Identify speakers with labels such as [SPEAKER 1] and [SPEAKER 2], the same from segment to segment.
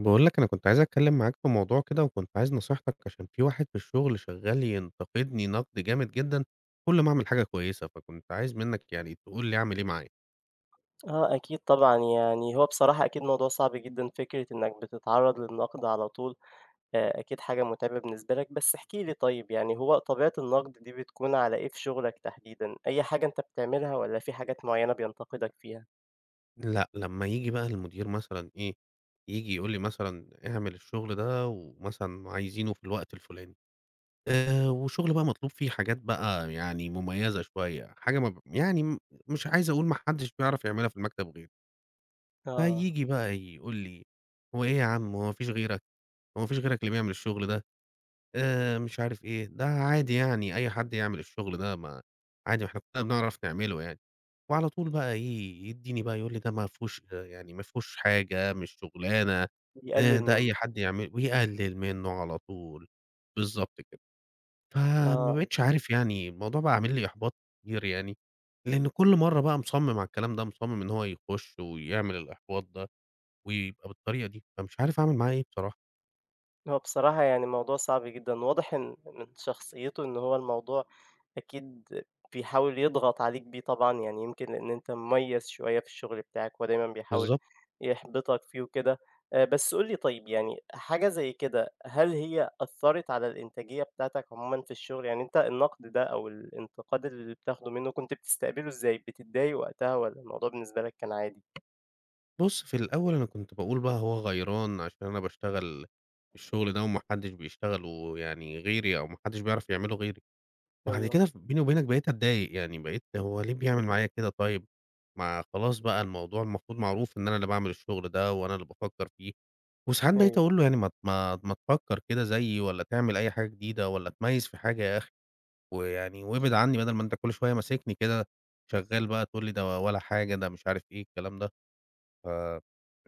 [SPEAKER 1] باقول لك أنا كنت عايز أتكلّم معاك في موضوع كده وكنت عايز نصيحتك عشان في واحد في الشُغل شغّال ينتقدني نَقْد جامد جدًا كل ما أعمل حاجة كويسة، فكنت عايز منّك يعني تقول لي أعمل إيه معاه؟
[SPEAKER 2] آه، أكيد طبعًا. يعني هو بصراحة أكيد موضوع صعب جدًا، فكرة إنّك بتتعرّض للنَقْد على طول، آآ أكيد حاجة مُتعبة بالنسبة لك، بس احكِ لي طيب يعني هو طبيعة النَقْد دي بتكون على إيه في شُغلك تحديدًا، أي حاجة أنت بتعملها والّا في حاجات معيّنة بينتقدك فيها؟
[SPEAKER 1] لأ، لمّا ييجي بقى المدير مثلًا إيه، ييجي يقول لي مثلًا: "اعمل الشُغل ده،" ومثلًا عايزينه في الوقت الفُلاني. آآ والشُغل بقى مطلوب فيه حاجات بقى يعني مُميّزة شوية حاجة مب يعني م مش عايز أقول ما حدّش بيعرف يعملها في المكتب غيري.
[SPEAKER 2] آه.
[SPEAKER 1] فييجي بقى يقول لي: "هو إيه يا عم، هو ما فيش غيرك، هو ما فيش غيرك اللي بيعمل الشُغل ده." آآ مش عارف إيه، "ده عادي يعني أي حد يعمل الشُغل ده، ما عادي ما إحنا كُلّنا بنعرف نعمله يعني." وعلى طول بقى إيه، يدّيني بقى يقول لي: "ده ما فيهوش يعني ما فيهوش حاجة، مش شُغلانة، آآ
[SPEAKER 2] بيقلِّل
[SPEAKER 1] ده أي
[SPEAKER 2] منّه.
[SPEAKER 1] حد يعمله." ويقلِّل منّه على طول، بالضبط كده. فما
[SPEAKER 2] آه.
[SPEAKER 1] بقيتش عارف يعني الموضوع بَقى عامل لي إحباط كتير يعني، لإنّ كل مرّة بقى مصمِّم على الكلام ده، مصمِّم إن هو يخُش ويعمل الإحباط ده ويبقى بالطريقة دي، فمش عارف أعمل معاه إيه بصراحة.
[SPEAKER 2] هو بصراحة يعني، موضوع صعب جدًا واضح إن من شخصيته، إن هو الموضوع أكيد بيحاول يضغط عليك بيه. طبعًا يعني يمكن لإن أنت مُميز شويّة في الشُغل بِتاعك ودايمًا بيحاول
[SPEAKER 1] بالضب
[SPEAKER 2] يحبطك فيه وكده، آآ بس قُل لي طيب يعني حاجة زي كده، هل هي أثّرت على الإنتاجية بتاعتك عمومًا في الشغل يعني أنت النقد ده أو الانتقاد اللي بتاخده منه نت بتستقبله إزاي بتضايق وقتها، والّا الموضوع بالنسبة لك كان عادي؟
[SPEAKER 1] بُص في الأول، أنا كنت باقول بقى هو غيران عشان أنا باشتغل الشُغل ده، وما حدش بيشتغله يعني غيري أو ما حدش بيعرف يعملُه غيري. بعد
[SPEAKER 2] أيوه.
[SPEAKER 1] كده ف بيني وبينك بقيت أتضايق يعني بقيت هو ليه بيعمل معايا كده طيب؟ ما خلاص بقى الموضوع المفروض معروف، إن أنا اللي باعمل الشغل ده وأنا اللي بافكر فيه. وساعات بقيت
[SPEAKER 2] أيوه.
[SPEAKER 1] أقول له "يعني مت ما ما تفكر كده زيي والّا تعمل أي حاجة جديدة والّا اتميّز في حاجة يا أخي، ويعني وابعد عني بدل ما أنت كل شوية ماسكني كده، شغال بقى تقول لي ده ولا حاجة ده مش عارف إيه الكلام ده." ف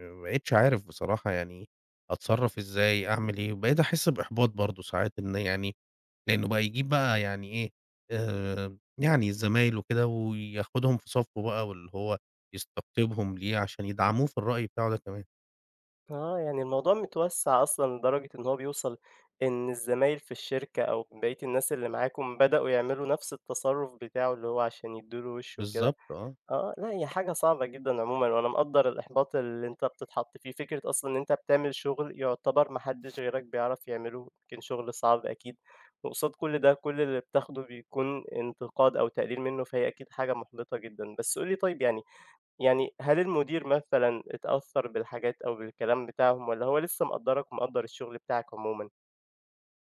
[SPEAKER 1] فما بقيتش عارف بصراحة يعني، أتصرف إزاي أعمل ايه؟ بقيت أحس بإحباط برضه ساعات إن يعني لأنه بقى يجيب بقى يعني إيه آآ يعني زمايله وكده وياخدهُم في صفه بقى واللي هو يستقطبهم ليه، عشان يدعموه في الرأي بتاعه ده كمان.
[SPEAKER 2] آه. يعني الموضوع متوسَّع أصلًا لدرجة إن هو بيوصل إن الزمايل في الشركة أو بقية الناس اللي معاكم بدأوا يعملوا نَفس التصرُّف بتاعه اللي هو عشان يدّوا له وِش وكده.
[SPEAKER 1] بالضبط آه.
[SPEAKER 2] آه، لأ هي حاجة صعبة جدًا عمومًا وأنا مقدّر الإحباط اللي أنت بتتحط فيه. فكرة أصلًا إن أنت بتعمل شُغل يُعتبر ما حدّش غيرك بيعرف يعمله، يمكن شُغل صعب أكيد وقصاد كل ده، كل اللي بتاخده بيكون انتقاد أو تقليل منّه، فهي أكيد حاجة مُحبِطة جدًا. بس قُل لي طيب يعني يعني هل المدير مثلًا اتأثّر بالحاجات أو بالكلام بتاعهم والّا هو لسّه مقدّرك ومقدّر الشُغل بتاعك عمومًا؟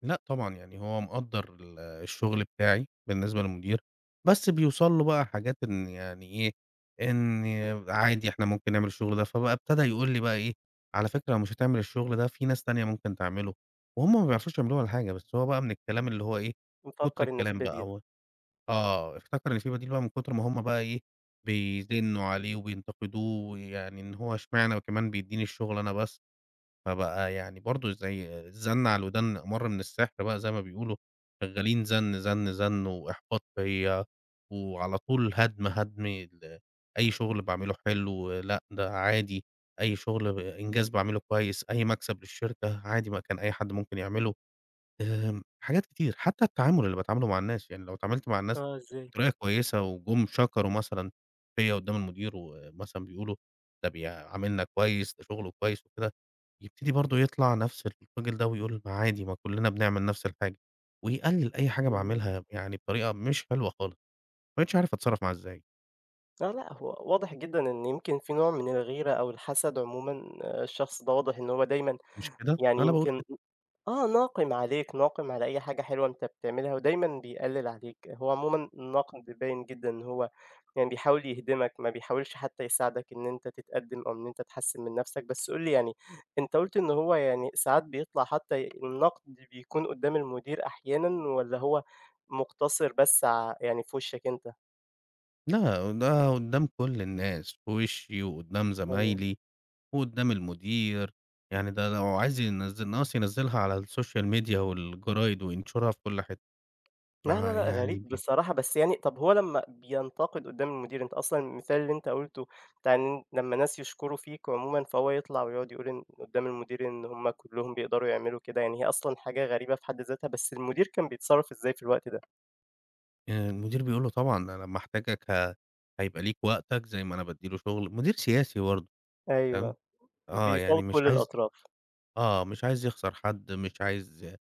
[SPEAKER 1] لأ طبعًا. يعني هو مقدّر ال الشُغل بتاعي بالنسبة للمدير، بس بيوصل له بقى حاجات إن يعني إيه، إن عادي إحنا ممكن نعمل الشُغل ده. فبقى ابتدى يقول لي بقى إيه: "على فكرة لو مش هتعمل الشُغل ده، في ناس تانية ممكن تعمله." وهُم ما بيعرفوش يعملوه ولا حاجة، بس هو بقى من الكلام اللي هو إيه، كُتر
[SPEAKER 2] مفكّر إن في
[SPEAKER 1] الكلام بقى
[SPEAKER 2] بديل.
[SPEAKER 1] أو آه. افتكر إن في بديل بقى من كُتر ما هم بقى إيه، بيزنّوا عليه وبينتقدوه يعني إن هو إشمعنى وكمان بيدّيني الشُغل أنا بس. فبقى يعني برضه زي زَن على الودان أمَر من السِحر بقى زي ما بيقولوا، شغّالين زَن، زَن، زَن وإحباط فيّا وعلى طول هَدْم، هَدْم ال أي شُغل باعمله حلو، لأ ده عادي، أي شُغل إنجاز باعمله كويس، أي مكسب للشركة، عادي ما كان أي حد ممكن يعمله. آآ حاجات كتير، حتّى التعامل اللي باتعامله مع الناس، يعني لو اتعاملت مع الناس
[SPEAKER 2] آه، إزاي؟
[SPEAKER 1] بطريقة كويسة وجُم شكروا مثلًا فيّا قُدّام المدير ومثلًا بيقولوا ده بيعاملنا كويس، ده شُغله كويس وكده يبتدي برضه يطلع نفس الراجل ده ويقول: "ما عادي، ما كُلّنا بنعمل نفس الحاجة." ويقلِّل أي حاجة
[SPEAKER 2] إمم.
[SPEAKER 1] باعملها يعني بطريقة مش حلوة خالص وما بقيتش عارف أتصرّف معاه إزاي.
[SPEAKER 2] لأ، لأ هو واضح جدًا إن يمكن في نوع من الغيرة أو الحَسَد عمومًا. الشخص ده واضح إن هو دايمًا
[SPEAKER 1] مش كده؟
[SPEAKER 2] يعني
[SPEAKER 1] أنا باقول
[SPEAKER 2] يمكن
[SPEAKER 1] كده.
[SPEAKER 2] آه، ناقِم عليك، ناقِم على أي حاجة حلوة أنت بتعملها ودايمًا بيقلِّل عليك. هو عمومًا الناقِم بيبيّن جدًا إن هو يعني بيحاول يهدمك ما بيحاولش حتّى يساعدك إن أنت تتقدِّم أو أنت تحسِّن من نََفسك، بس قل لي يعني أنت قُلت إن هو يعني ساعات بيطلع حتّى النَقد بيكون قُدّام المدير أحيانًا والّا هو مُقتصِر بس ع يعني في وِشَّك أنت؟
[SPEAKER 1] لأ، ده قُدّام كل الناس. في وِشِّي وقُدّام
[SPEAKER 2] أيوه.
[SPEAKER 1] زمايلي وقُدّام المدير. يعني ده لو عايز ينزّل ناقص ينزّلها على السوشيال ميديا والجرايد وينشرها في كل حت
[SPEAKER 2] لأ، لأ،
[SPEAKER 1] مع
[SPEAKER 2] لأ
[SPEAKER 1] يعني
[SPEAKER 2] غريب
[SPEAKER 1] ب
[SPEAKER 2] بصراحة، بس يعني طَب هو لمّا بينتَقِد قُدّام المدير، أنت أصلًا المثال اللي أنت قُلته بتاع إن لمّا الناس يشكروا فيك عمومًا، فهو يطلع ويقعد يقول إن قُدّام المدير إن هم كُلّهم بيقدروا يعملوا كده يعني هي أصلًا حاجة غريبة في حد ذاتها، بس المدير كان بيتصرّف إزاي في الوقت ده؟
[SPEAKER 1] آآ المدير بيقول له: "طبعًا أنا محتاجك ه هيبقى ليك وقتك زي ما أنا بادّي له شُغل." مدير سياسي برضه تمام؟
[SPEAKER 2] أيوه.
[SPEAKER 1] آه. يعني
[SPEAKER 2] بيفاوِض
[SPEAKER 1] مش
[SPEAKER 2] كل
[SPEAKER 1] عايز
[SPEAKER 2] الأطراف.
[SPEAKER 1] آه. مش عايز يخسر حد، مش عايز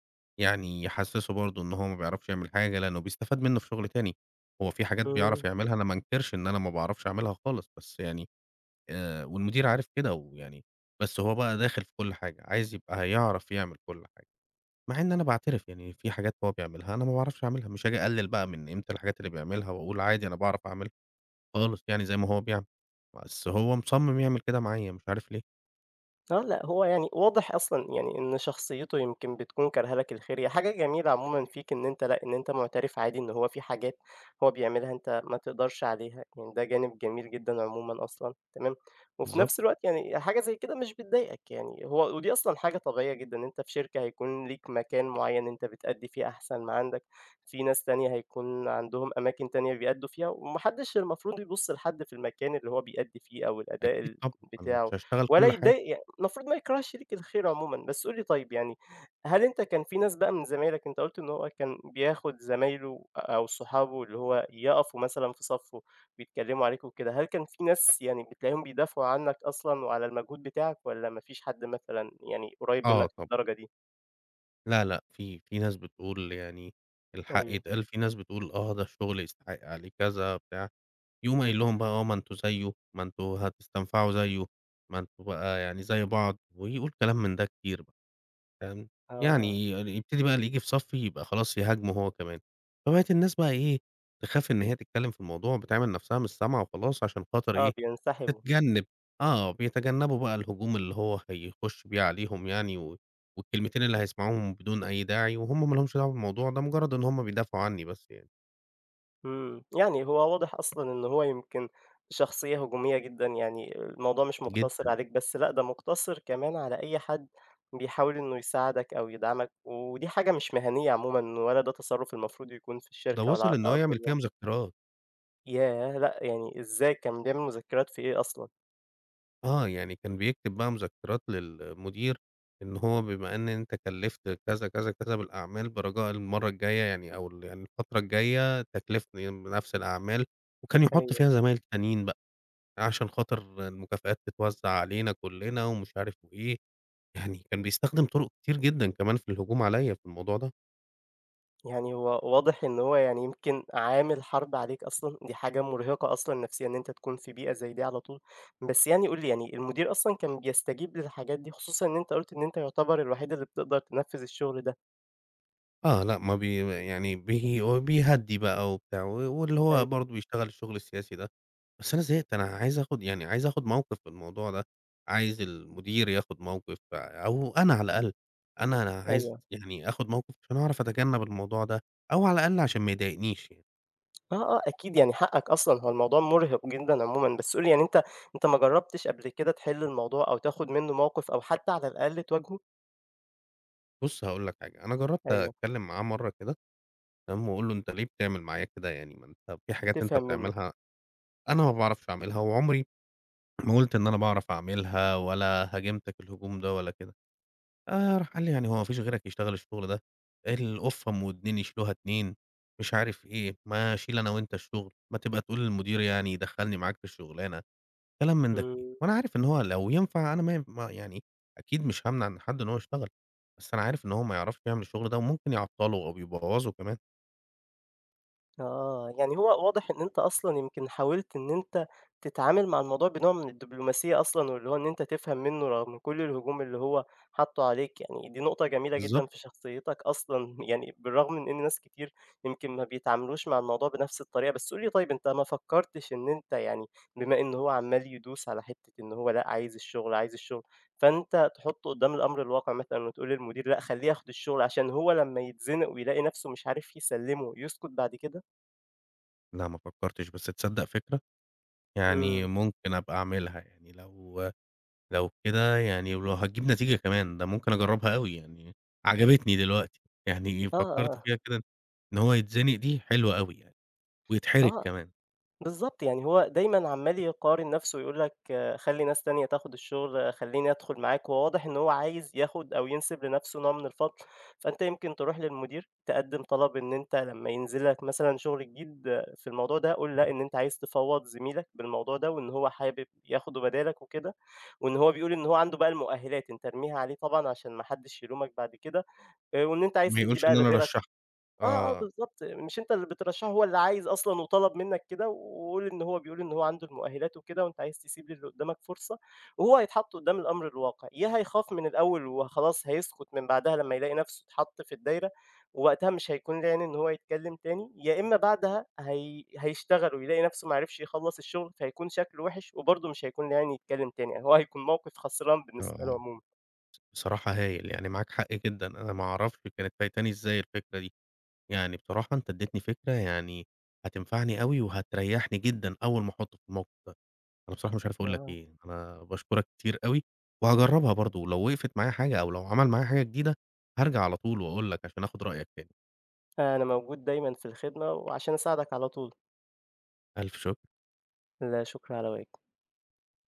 [SPEAKER 1] يعني يحسِّسه برضه إن هو ما بيعرفش يعمل حاجة، لإنّه بيستفاد منّه في شُغل تاني. هو في حاجات بيعرف
[SPEAKER 2] إمم.
[SPEAKER 1] يعملها أنا ما أنكِرش إن أنا ما باعرفش أعملها خالص، بس يعني آآ والمدير عارف كده ويعني بس هو بقى داخِل في كل حاجة، عايز يبقى هيعرف يعمل كل حاجة. مع إن أنا باعترف، يعني في حاجات هو بيعملها أنا ما باعرفش أعملها، مش آجي أقلِّل بقى من قيمة الحاجات اللي بيعملها وأقول عادي أنا باعرف أعملها. خالص يعني زي ما هو بيعمل، بس هو مصمّم يعمل كده معايا مش عارف ليه.
[SPEAKER 2] آه، لأ. هو يعني واضح أصلًا يعني إن شخصيته يمكن بتكون كارهة لك الخير. هي حاجة جميلة عمومًا فيك إن أنت لأ، إن أنت مُعترف عادي إن هو في حاجات هو بيعملها أنت ما تقدرش عليها، يعني ده جانب جميل جدًا عمومًا أصلًا، تمام؟ وفي
[SPEAKER 1] بالضبط.
[SPEAKER 2] نفس الوقت يعني حاجة زي كده مش بتضايقك يعني هو ودي أصلًا حاجة طبيعية جدًا، إن أنت في شركة هيكون ليك مكان معيّن أنت بتأدّي فيه أحسن ما عندك، في ناس تانية هيكون عندهم أماكن تانية بيأدّوا فيها وما حدّش المفروض يبُص لحد في المكان اللي هو بيأدّي فيه أو الأداء
[SPEAKER 1] أكيد
[SPEAKER 2] ال
[SPEAKER 1] طبعًا، أنا مش
[SPEAKER 2] بتاعه
[SPEAKER 1] هاشتغل
[SPEAKER 2] ولا
[SPEAKER 1] كل حاجة.
[SPEAKER 2] يتضايق ي المفروض ما يكرهش ليك الخير عمومًا. بس قُل لي طيب يعني، هل أنت كان في ناس بقى من زمايلك، أنت قُلت إن هو كان بياخُد زمايله أو صحابه اللي هو يقفوا مثلًا في صَفُّه بيتكلّموا عليك وكده، هل كان في ناس يعني بتلاقيهم بيدافعوا عنّك أصلًا وعلى المجهود بتاعك والّا ما فيش حد مثلًا يعني قُريّب منّك
[SPEAKER 1] آه طب
[SPEAKER 2] للدرجة دي؟
[SPEAKER 1] لا، لأ في، في ناس بتقول يعني الحق
[SPEAKER 2] أيوه.
[SPEAKER 1] يتقال في ناس بتقول: "آه ده الشُغل يستحق عليه كذا،" بتاع. يقوم قايل لهم بقى: "آه، ما أنتم زيُّه، ما أنتم هتستنفعوا زيُّه، ما أنتم بقى يعني زي بعض." ويقول كلام من ده كتير بقى، فاهم؟ يعني
[SPEAKER 2] آه.
[SPEAKER 1] ي يبتدي بقى اللي ييجي في صَفّي يبقى خلاص يهاجمه هو كمان. فبقِت الناس بقى إيه، تخاف إن هي تتكلّم في الموضوع بتعمل نفسها مش سامعة وخلاص عشان خاطر
[SPEAKER 2] آه،
[SPEAKER 1] إيه،
[SPEAKER 2] بينسحبوا.
[SPEAKER 1] تتجنِّب آه. بيتجنَّبوا بقى الهجوم اللي هو هيخُش بيه عليهم يعني و والكلمتين اللي هيسمعوهم بدون أي داعي وهُم ما لهمش دعوة بالموضوع ده مُجرّد إن هم بيدافعوا عنّي بس يعني.
[SPEAKER 2] إمم، يعني هو واضح أصلًا، إن هو يمكن شخصية هجومية جدًا، يعني الموضوع مش مقتصر
[SPEAKER 1] جدًا.
[SPEAKER 2] عليك بس لأ، ده مُقتصر كمان على أي حد، بيحاول إنه يساعدك أو يدعمك ودي حاجة مش مهنية عمومًا، ولا، ده تصرف المفروض يكون في
[SPEAKER 1] ده
[SPEAKER 2] الشركة ولا،
[SPEAKER 1] وصل
[SPEAKER 2] على
[SPEAKER 1] إن هو،
[SPEAKER 2] أرض
[SPEAKER 1] يعمل فيَّ
[SPEAKER 2] الواقع.
[SPEAKER 1] مذكرات.
[SPEAKER 2] ياه! لأ، يعني إزاي كان بيعمل مذكرِات في إيه أصلًا؟
[SPEAKER 1] آه، يعني كان بيكتب بقى مذكرات للمدير، إن هو بما إن أنتَ كلّفت كذا، كذا، كذا بالأعمال برجاء المرة الجاية يعني أو ال يعني الفترة الجاية تكلّفني بنفس الأعمال وكان يحط
[SPEAKER 2] أيوه.
[SPEAKER 1] فيها زمايل تانيين بقى، عشان خاطر المكافآت تتوزع علينا كُلّنا ومش عارف وإيه. يعني كان بيستخدم طرق كتير جدًا كمان في الهجوم عليَّ في الموضوع ده.
[SPEAKER 2] يعني هو واضح، إن هو يعني يمكن عامل حرب عليك أصلًا، دي حاجة مرهقة أصلًا نفسيًا إن أنتَ تكون في بيئة زي دي على طول، بس يعني قُل لي يعني المدير أصلًا كان بيستجيب للحاجات دي؟ خصوصًا إن أنتَ قُلت إن أنتَ يعتبر الوحيد اللي بتقدر تنفذ الشغل ده.
[SPEAKER 1] آه، لأ، ما بي يعني بي بيهدي بقى وبتاع و واللي هو
[SPEAKER 2] أيوه.
[SPEAKER 1] برضه بيشتغل الشغل السياسي ده، بس أنا زهقت أنا عايز آخد يعني عايز آخد موقف في الموضوع ده، عايز المدير ياخد موقف، أو أنا على الأقل أنا أنا عايز
[SPEAKER 2] أيوه.
[SPEAKER 1] يعني آخد موقف، عشان أعرف أتجنب الموضوع ده، أو على الأقل عشان ما يضايقنيش يعني.
[SPEAKER 2] آه آه أكيد يعني حقك أصلًا، هو الموضوع مُرِهق جدًا عمومًا، بس قُل لي يعني أنت أنت ما جربتش قبل كده تحل الموضوع أو تاخد منُّه موقف أو حتى على الأقل تواجهه؟
[SPEAKER 1] بُصّ هاقول لك حاجة، أنا جرّبت
[SPEAKER 2] أيوه.
[SPEAKER 1] اتكلّم معاه مَرّة كده، تمام، واقول له: "أنت ليه بتعمل معايا كده، يعني ما أنت في حاجات أنت
[SPEAKER 2] تفهم منُّه.
[SPEAKER 1] بتعملها أنا ما باعرفش اعملها، وعُمري ما قُلت إن أنا باعرف اعملها، ولا هاجمتك الهجوم ده ولا كده"، آآ، راح قال لي: "يعني هو ما فيش غيرك بيشتغل الشغل ده، القُفّة أُم ودنين يشيلوها اتنين"، مش عارف إيه، "ما اشيل أنا وأنت الشغل، ما تبقى تقول للمدير يعني يدخلّني معاك في الشُغلانة"، كلام من ده كتير،
[SPEAKER 2] إمم.
[SPEAKER 1] وأنا عارف إن هو لو ينفع أنا ما ي ما يعني أكيد مش هامنع إن حد إن هو يشتغل، بس أنا عارف إن هو ما يعرفش يعمل الشغل ده، وممكن يعطّله أو ب يبوّظه كمان.
[SPEAKER 2] آه، يعني هو واضح إن أنت أصلًا يمكن حاولت إن أنت تتعامل مع الموضوع بنوع من الدبلوماسيّة أصلًا، واللي هو إن أنت تفهم منُّه رغم كُلّ الهجوم اللي هو حطّه عليك يعني، دي نقطة جميلة
[SPEAKER 1] بالضبط.
[SPEAKER 2] جدًا في شخصيتك أصلًا، يعني بالرغم من إن ناس كتير يمكن ما بيتعاملوش مع الموضوع بنَفْس الطريقة، بس قُل لي طيب أنت ما فكرتش إن أنت يعني بما إن هو عَمّال يدوس على حتّة إن هو لأ عايز الشغل عايز الشغل، فأنت تحطّه قدّام الأمر الواقع مثلًا وتقول للمدير لأ خلّيه ياخد الشغل، عشان هو لمّا يتزِنق ويلاقي نَفْسه مش عارف يسلّمه يسكُت بعد كده؟
[SPEAKER 1] لأ ما فكّرتش، بس تصدّق فكرة. يعني
[SPEAKER 2] إمم.
[SPEAKER 1] ممكن أبقى أعملها، يعني لو لو كده يعني ولو هتجيب نتيجة كمان ده ممكن أجرّبها أوي يعني عجبتني دلوقتي، يعني
[SPEAKER 2] آه،
[SPEAKER 1] فكّرت
[SPEAKER 2] آه.
[SPEAKER 1] فيها كده إن هو يتزنق دي، حلوة أوي يعني ويتحرج
[SPEAKER 2] آه.
[SPEAKER 1] كمان.
[SPEAKER 2] بالضبط. يعني هو دايمًا عمّال يقارن نَفسه يقول لك: "خلّي ناس تانية تاخُد الشُغل، خلّيني أدخُل معاك." وهو واضح إن هو عايز ياخُد أو ينسب لنَفسه نوع من الفضل، فأنت يمكن تروح للمدير تقدِّم طلب إن أنت لمّا ينزل لك مثلًا شُغل جديد في الموضوع ده، قل لأ إن أنت عايز تفوّض زميلك بالموضوع ده وان هو حابب ياخده بدالك وكده وإن هو بيقول إن هو عنده بقى المؤهِّلات، أنت ارميها عليه طبعًا عشان ما حدّش يلومك بعد كده آآ وإن أنت عايز
[SPEAKER 1] ما
[SPEAKER 2] تدّي
[SPEAKER 1] يقولش
[SPEAKER 2] بقى
[SPEAKER 1] إن أنا
[SPEAKER 2] لغيرك
[SPEAKER 1] رشّحته.
[SPEAKER 2] آه، آه،
[SPEAKER 1] آه.
[SPEAKER 2] بالضبط. مش أنت اللي بترشّحه هو اللي عايز أصلًا وطلب منّك كده و وقل إن هو بيقول إن هو عنده المؤهِّلات وكده وأنت عايز تسيب للي قُدّامك فرصة وهو هيتحط قُدّام الأمر الواقع، يا هيخاف من الأول وخلاص هيسكُت من بعدها لمّا يلاقي نَفسه اتحط في الدايرة ووقتها مش هيكون ليه عين إن هو يتكلّم تاني، يا إمّا بعدها هي هيشتغل ويلاقي نَفسه ما عرفش يخلّص الشُغل، فهيكون شكله وِحِش وبرضه مش هيكون ليه عين يتكلّم تاني، هو هيكون موقف خسران بالنسبة له
[SPEAKER 1] آه
[SPEAKER 2] عمومًا.
[SPEAKER 1] بصراحة هايل يعني معاك حق جدًا، أنا ما أعرفش كانت فايتاني إزاي الفكرة دي. يعني بصراحة أنت إدّيتني فكرة يعني هتنفعني أوي وهتريّحني جدًا أول ما أحطُّه في الموقف ده. أنا بصراحة مش عارف أقول لك
[SPEAKER 2] آه.
[SPEAKER 1] إيه، أنا باشكُرك كتير أوي، وهاجرّبها برضه لو وقفت معايا حاجة أو لو عمل معايا حاجة جديدة، هارجع على طول وأقول لك عشان آخُد رأيك تاني.
[SPEAKER 2] أنا موجود دايمًا في الخدمة وعشان أساعدك على طول.
[SPEAKER 1] ألف شُكر.
[SPEAKER 2] لا شُكر على واجب.